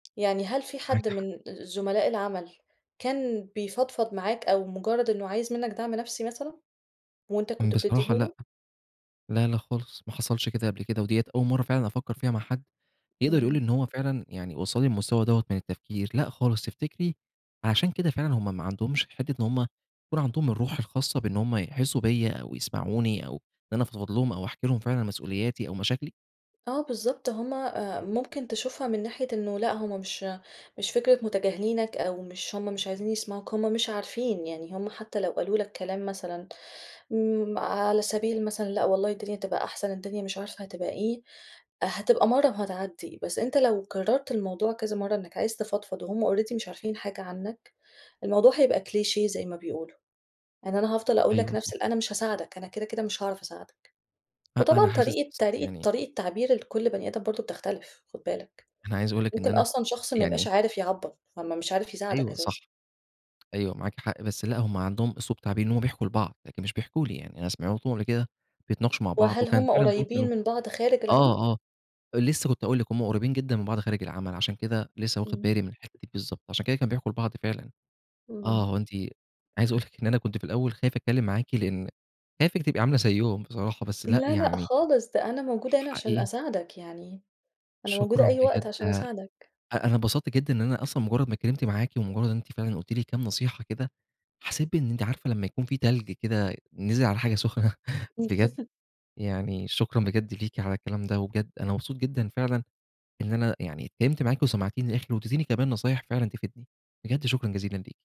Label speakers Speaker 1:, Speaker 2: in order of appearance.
Speaker 1: يعني هل في
Speaker 2: معاكِ
Speaker 1: حد
Speaker 2: حق.
Speaker 1: من زملاء العمل كان بيفضفض معاك، أو مجرد إنه عايز منك دعم نفسي مثلًا، وأنت كنت بتديه
Speaker 2: بصراحة لأ،
Speaker 1: له؟
Speaker 2: لا، لا خالص ما حصلش كده قبل كده، وديّة أول مرة فعلًا أفكر فيها مع حد يقدر يقول لي
Speaker 1: إمم.
Speaker 2: إن هو فعلًا، يعني وصلني المستوى دوّة من التفكير، لأ خالص تفتكري، عشان كده فعلًا هُم ما عندهمش حتة إن هُم يكون عندهم الروح الخاصة بأنه هُم يحسوا بيَّ، أو يسمعوني أو إن أنا أفضفض لهم ،أو أحكي لهم فعلًا مسؤولياتي، أو مشاكلي؟
Speaker 1: آه، بالضبط هُم، آآ، ممكن تشوفها من ناحية إنه لا هُم مش مش فكرة متجاهلينك، أو مش هُم مش عايزين يسمعوك هُم مش عارفين، يعني هُم حتى لو قالوا لك كلام مثلًا، امم، على سبيل مثلًا لا والله الدنيا هتبقى أحسن، الدنيا مش عارفة هتبقى إيه، هتبقى مرة وهتعدي، بس أنت لو كررت الموضوع كذا مرة، إنك عايز تفضفض وهُم Already مش عارفين حاجة عنك، الموضوع هيبقى كليشيه زي ما بيقولوا إن أنا هافضل أقول لك
Speaker 2: أيوه، صح.
Speaker 1: نفس ال أنا مش هاساعدك أنا كده، كده مش هاعرف أساعدك،
Speaker 2: أ أنا
Speaker 1: وطبعًا
Speaker 2: حاسس
Speaker 1: طريقة طريقة
Speaker 2: يعني
Speaker 1: طريقة التعبير لكل بني آدم برضه بتختلف خد بالك،
Speaker 2: أنا عايز أقول لِك إن
Speaker 1: ممكن
Speaker 2: أنا
Speaker 1: أصلًا شخص ما يبقاش
Speaker 2: يعني
Speaker 1: عارف يعبّر، فما مش عارف يساعدك
Speaker 2: أيوه، صح،
Speaker 1: أساسًا.
Speaker 2: أيوه معاكِ حق، بس لا هُم عندهم اسلوب [unintelligible] إن هُم بيحكوا لبعض، لكن مش بيحكوا لي يعني أنا سمعتهم قبل كده بيتناقشوا مع بعض،
Speaker 1: وهل
Speaker 2: وكان
Speaker 1: هُم
Speaker 2: فعلًا [unintelligible] منهم
Speaker 1: قريبين من بعض خارج العمل؟
Speaker 2: آه، آه، لسه كنت هاقول لِك هُم قريبين جدًا من بعض خارج العمل، عشان كده لسه واخد
Speaker 1: إمم.
Speaker 2: بالي من الحته دي بالضبط، عشان كده كانوا بيحكوا البعض فعلًا، آه،
Speaker 1: إمم.
Speaker 2: هو أنتِ عايز أقول لِك إن أنا كنت في الأول خايف أتكلم معاكِ؛ لأن خايفِك تبقى عاملة زيهم بصراحة، بس لأ
Speaker 1: لا، لأ
Speaker 2: يعني
Speaker 1: خالص، ده أنا موجودة هنا عشان
Speaker 2: حقيقي
Speaker 1: أساعدك يعني، أنا موجودة
Speaker 2: شكرًا
Speaker 1: أي وقت
Speaker 2: بجد
Speaker 1: عشان
Speaker 2: أ
Speaker 1: أساعدك.
Speaker 2: أنا اتبسطت جدًا إن أنا أصلًا مجرد ما اتكلمت معاكِ، ومجرد إن أنتِ فعلًا قُلتِ لي كام نصيحة كده، حسيت بإن أنتِ عارفة لمّا يكون في تلج كده نزل على حاجة سخنة بجد، يعني شكرًا بجد ليكِ على الكلام ده، وبجد أنا مبسوط جدًا فعلًا، إن أنا يعني اتكلمت معاكِ وسمعتيني للآخر، وادتيني كمان نصايح فعلًا تفيدني، بجد شكرًا جزيلًا ليكِ.